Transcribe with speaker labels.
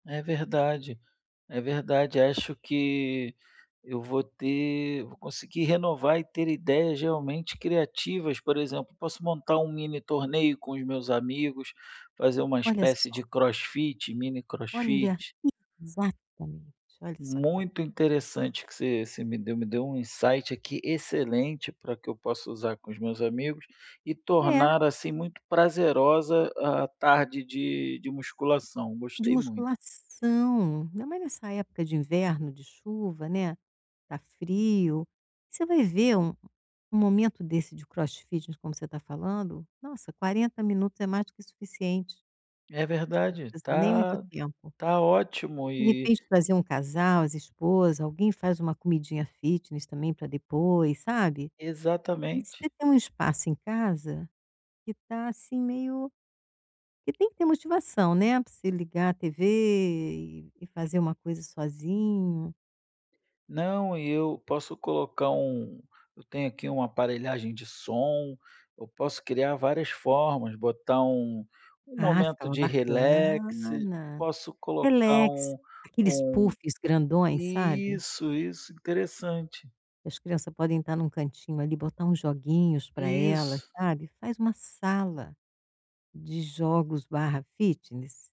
Speaker 1: É verdade, é verdade. Acho que eu vou ter vou conseguir renovar e ter ideias realmente criativas, por exemplo, posso montar um mini-torneio com os meus amigos, fazer uma
Speaker 2: Olha
Speaker 1: espécie
Speaker 2: só.
Speaker 1: de crossfit,
Speaker 2: Olha,
Speaker 1: mini-crossfit.
Speaker 2: exatamente, olha só que ba
Speaker 1: Muito interessante o que você você me deu, me deu um insight aqui excelente para que eu possa usar com os meus amigos e
Speaker 2: É.
Speaker 1: tornar, assim, muito prazerosa a tarde de de musculação.
Speaker 2: De
Speaker 1: Gostei muito.
Speaker 2: musculação. Ainda mais nessa época de inverno, de chuva, né, está frio. Você vai ver um um momento desse de crossfit, de como você está falando, nossa, 40 minutos é mais que suficiente.
Speaker 1: É verdade.
Speaker 2: Nem muito
Speaker 1: Tá
Speaker 2: tempo.
Speaker 1: tá ótimo
Speaker 2: De
Speaker 1: e
Speaker 2: repente fazer um casal, as esposa, alguém faz uma comidinha fitness também, para depois, sabe. Você
Speaker 1: Exatamente.
Speaker 2: tem um espaço em casa que está assim meio que tem que ter motivação, né, para você ligar a TV e e fazer uma coisa sozinho.
Speaker 1: Não, e eu posso colocar um eu tenho aqui uma aparelhagem de som, eu posso criar várias formas, botar um um
Speaker 2: Ah,
Speaker 1: momento
Speaker 2: ficava
Speaker 1: de relax,
Speaker 2: bacana.
Speaker 1: posso colocar
Speaker 2: Relax,
Speaker 1: um
Speaker 2: aqueles
Speaker 1: um
Speaker 2: puffs grandões, sabe?
Speaker 1: isso, isso, interessante.
Speaker 2: E as criança podem estar em um cantinho ali, botar uns joguinhos para elas,
Speaker 1: Isso.
Speaker 2: sabe. Faz uma sala de jogos/ fitness.